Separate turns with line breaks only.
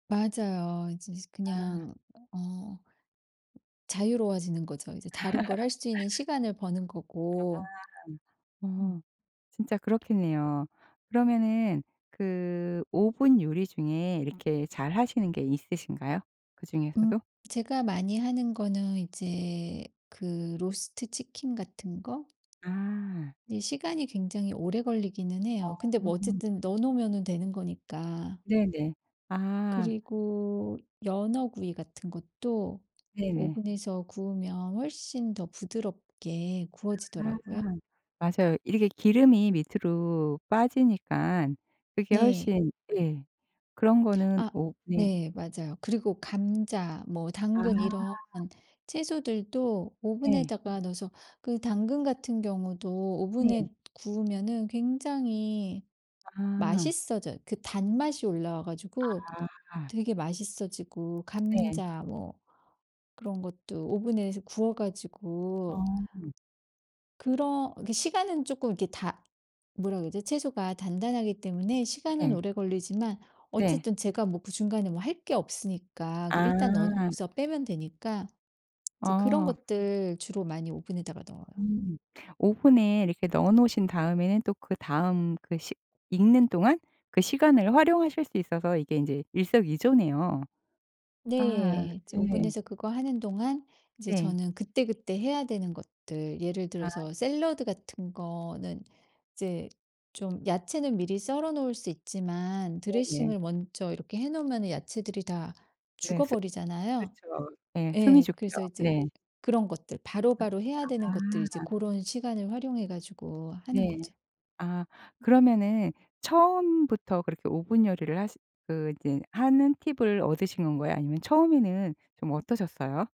맞아요. 이제
아.
그냥 어 자유로워지는 거죠. 이제 다른 걸 할 수 있는 시간을 버는
아.
거고. 음.
음. 진짜 그렇겠네요. 그러면은 그 오븐 요리 중에 이렇게 잘 하시는 게 있으신가요?
음
그중에서도?
제가 많이 하는 거는 이제 그 로스트 치킨 같은 거?
아.
이 시간이 굉장히 오래 걸리기는
어
해요. 근데 뭐
음.
어쨌든 넣어 놓으면은 되는 거니까.
네네. 아.
그리고 연어구이 같은 것도
네네.
오븐에서 구우면 훨씬 더 부드럽게 구워지더라고요.
아 맞아요. 이렇게 기름이 밑으로 빠지니깐 그게
네.
훨씬 예. 그런 거는
아
오 네.
네 맞아요. 그리고 감자, 뭐
아.
당근 이런 채소들도
네.
오븐에다가 넣어서 그 당근 같은 경우도
네.
오븐에 구우면은 굉장히
아.
맛있어져요. 그 단맛이 올라와 가지고
아.
되게 맛있어지고
네.
감자 뭐 그런 것도 오븐에서 구워
어.
가지고 그런 그 시간은 쪼끔 이렇게 다 뭐라 그러지? 채소가 단단하기 때문에 시간은
네.
오래 걸리지만
네.
어쨌든 제가 뭐 그 중간에 뭐 할 게 없으니까 그 일단 넣어
아.
놓고서 빼면 되니까 인제 그런
어.
것들 주로 많이 오븐에다가 넣어요.
음. 오븐에 이렇게 넣어 놓으신 다음에는 또 그다음 그 시 익는 동안 그 시간을 활용하실 수 있어서 이게 인제 일석이조네요. 아
네 이제
네.
오븐에서 그거 하는 동안 이제
네.
저는 그때그때 해야 되는 것들, 예를
아.
들어서 샐러드 같은 거는 이제 좀 야채는 미리 썰어 놓을 수 있지만
네네.
드레싱을 먼저 이렇게 해 놓으면은 야채들이 다
네 스
죽어버리잖아요?
그렇죠. 네 숨이
예,
죽죠.
그래서 이제
네.
그런 것들, 바로바로 해야 되는
아
것들 이제
아.
고런 시간을 활용해 가지고 하는
네.
거죠.
아 그러면은 처음부터 그렇게 오븐 요리를 하시 그 이제 하는 팁을 얻으신 건가요? 아니면 처음에는 좀 어떠셨어요?